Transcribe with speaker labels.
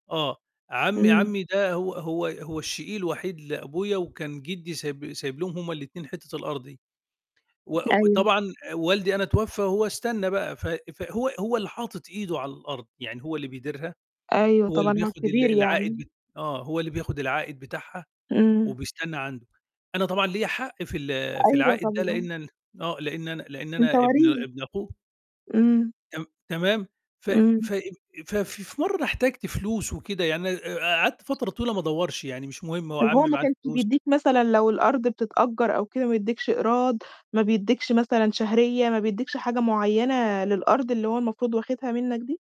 Speaker 1: آه، عمّي
Speaker 2: إمم.
Speaker 1: عمّي ده هو هو هو الشقيق الوحيد لأبويا وكان جِدّي سايب سايب لهم هم الاتنين حتّة الأرض دي، و
Speaker 2: أيوه.
Speaker 1: وطبعًا والدي أنا اتوفى وهو استنّى بقى، ف فهو هو اللي حاطط إيده على الأرض، يعني هو اللي بيديرها،
Speaker 2: أيوه
Speaker 1: هو اللي
Speaker 2: طبعًا، هو
Speaker 1: بياخُد ال
Speaker 2: الكبير
Speaker 1: العائد
Speaker 2: يعني.
Speaker 1: ب آه، هو اللي بياخُد العائد بتاعها
Speaker 2: إمم.
Speaker 1: وبيستنّى عنده. أنا طبعًا ليّا حق في ال في
Speaker 2: أيوه
Speaker 1: العائد ده،
Speaker 2: طبعًا.
Speaker 1: لإن أن آه، لإن أنا لإن
Speaker 2: أنت
Speaker 1: أنا ابن
Speaker 2: وريث.
Speaker 1: ابن أخوه.
Speaker 2: إمم.
Speaker 1: تم تمام، ف
Speaker 2: إمم.
Speaker 1: ف ف في مرّة أنا احتجت فلوس وكده يعني آآ قعدت فترة طويلة ما أدوّرش، يعني مش مهم هو
Speaker 2: طَب هو
Speaker 1: عمّي
Speaker 2: ما
Speaker 1: معاه
Speaker 2: كانش
Speaker 1: الفلوس.
Speaker 2: بيدّيك مثلًا لو الأرض بتتأجّر أو كده ما يدِّيكش إيراد ما بيدِّكش مثلًا شهرية، ما بيدِّيكش حاجة معيّنة للأرض اللي هو المفروض واخدها منّك دي؟